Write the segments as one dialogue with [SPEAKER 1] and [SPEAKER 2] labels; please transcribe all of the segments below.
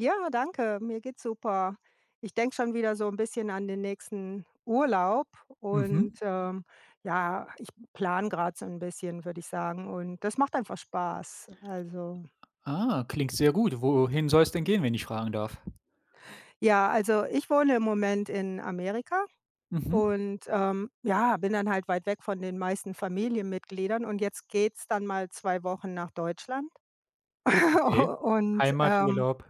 [SPEAKER 1] Ja, danke, mir geht's super. Ich denke schon wieder so 'n bisschen an den nächsten Urlaub und,
[SPEAKER 2] Mhm.
[SPEAKER 1] ähm, ja, ich plane grad so 'n bisschen, würde ich sagen und das macht einfach Spaß. Also
[SPEAKER 2] Ah, klingt sehr gut. Wohin soll's denn gehen, wenn ich fragen darf?
[SPEAKER 1] Ja, also ich wohne im Moment in Amerika
[SPEAKER 2] Mhm.
[SPEAKER 1] und, ähm, ja, bin dann halt weit weg von den meisten Familienmitgliedern und jetzt geht's dann mal 2 Wochen nach Deutschland,
[SPEAKER 2] Okay,
[SPEAKER 1] und, ähm
[SPEAKER 2] Heimaturlaub.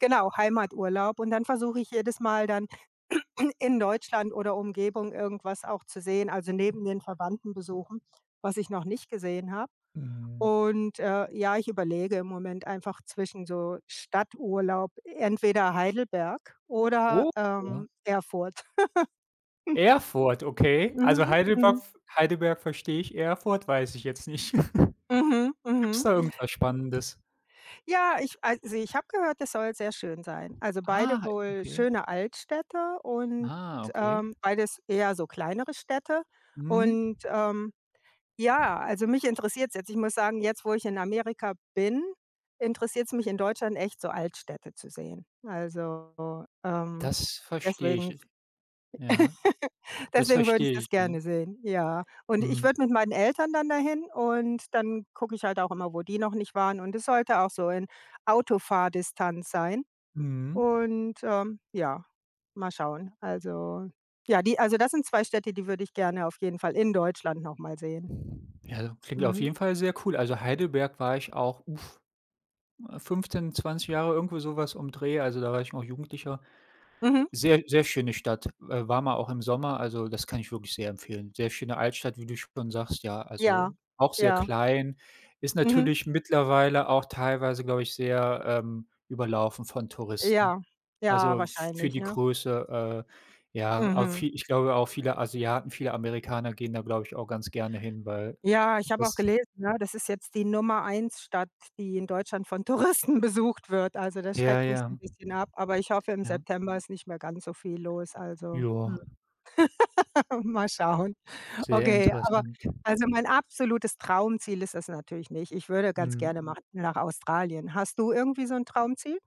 [SPEAKER 1] Genau, Heimaturlaub und dann versuche ich jedes Mal dann in Deutschland oder Umgebung irgendwas auch zu sehen also neben den Verwandten besuchen, was ich noch nicht gesehen habe
[SPEAKER 2] Mhm.
[SPEAKER 1] und, äh, ja, ich überlege im Moment einfach zwischen so Stadturlaub, entweder Heidelberg oder,
[SPEAKER 2] Oh ja.
[SPEAKER 1] ähm, Erfurt.
[SPEAKER 2] Erfurt, okay. Also
[SPEAKER 1] Mhm,
[SPEAKER 2] Heidelberg
[SPEAKER 1] mhm.
[SPEAKER 2] v Heidelberg verstehe ich, Erfurt weiß ich jetzt nicht.
[SPEAKER 1] Mhm,
[SPEAKER 2] Gibt's
[SPEAKER 1] mhm.
[SPEAKER 2] da irgendwas Spannendes?
[SPEAKER 1] Ja, ich also ich habe gehört, es soll sehr schön sein, also beide
[SPEAKER 2] Ah,
[SPEAKER 1] wohl
[SPEAKER 2] okay.
[SPEAKER 1] schöne Altstädte und,
[SPEAKER 2] Ah, okay.
[SPEAKER 1] ähm, beides eher so kleinere Städte
[SPEAKER 2] Mhm.
[SPEAKER 1] und, ähm, ja, also, mich interessiert's jetzt. Ich muss sagen, jetzt, wo ich in Amerika bin, interessiert's mich in Deutschland echt, so Altstädte zu sehen. Also, ähm,
[SPEAKER 2] Das verstehe
[SPEAKER 1] deswegen
[SPEAKER 2] ich. Ja, das
[SPEAKER 1] deswegen würde
[SPEAKER 2] verstehe
[SPEAKER 1] ich das
[SPEAKER 2] ich. [unintelligible]
[SPEAKER 1] gerne sehen, ja, und ich
[SPEAKER 2] Hm.
[SPEAKER 1] würde mit meinen Eltern dann da hin und dann gucke ich halt auch immer, wo die noch nicht waren, und es sollte auch so in Autofahrdistanz sein
[SPEAKER 2] Mhm.
[SPEAKER 1] und, ähm, ja, mal schauen. Also, ja, die also, das sind 2 Städte, die würde ich gerne auf jeden Fall in Deutschland noch mal sehen.
[SPEAKER 2] Ja, klingt auf
[SPEAKER 1] Mhm.
[SPEAKER 2] jeden Fall sehr cool. Also Heidelberg war ich auch, uff, 15, 20 Jahre, irgendwo so was um Dreh, also da war ich noch Jugendlicher.
[SPEAKER 1] Mhm.
[SPEAKER 2] Sehr, sehr schöne Stadt. W waren wir auch im Sommer also das kann ich wirklich sehr empfehlen. Sehr schöne Altstadt, wie du schon sagst, ja,
[SPEAKER 1] Ja,
[SPEAKER 2] also auch sehr
[SPEAKER 1] ja.
[SPEAKER 2] klein. Ist
[SPEAKER 1] Mhm.
[SPEAKER 2] natürlich mittlerweile auch teilweise, glaube ich, sehr, ähm, überlaufen von Touristen.
[SPEAKER 1] Ja, ja
[SPEAKER 2] Also für
[SPEAKER 1] wahrscheinlich,
[SPEAKER 2] die
[SPEAKER 1] ne?
[SPEAKER 2] Größe, äh, ja, auch
[SPEAKER 1] Mhm.
[SPEAKER 2] vie ich glaube, auch viele Asiaten, viele Amerikaner gehen da, glaube ich, auch ganz gerne hin, weil
[SPEAKER 1] Ja, ich habe auch
[SPEAKER 2] es
[SPEAKER 1] gelesen, ne, das ist jetzt die Nummer 1 Stadt, die in Deutschland von Touristen besucht wird. Also das
[SPEAKER 2] Ja,
[SPEAKER 1] schreckt mich 'n
[SPEAKER 2] ja.
[SPEAKER 1] bisschen ab, aber ich hoffe, im
[SPEAKER 2] Ja.
[SPEAKER 1] September ist nicht mehr ganz so viel los. Also, hm,
[SPEAKER 2] Ja.
[SPEAKER 1] mal schauen.
[SPEAKER 2] Sehr
[SPEAKER 1] Okay, aber
[SPEAKER 2] interessant.
[SPEAKER 1] also mein absolutes Traumziel ist es natürlich nicht. Ich würde ganz
[SPEAKER 2] Mhm.
[SPEAKER 1] gerne mal nach Australien. Hast du irgendwie so 'n Traumziel?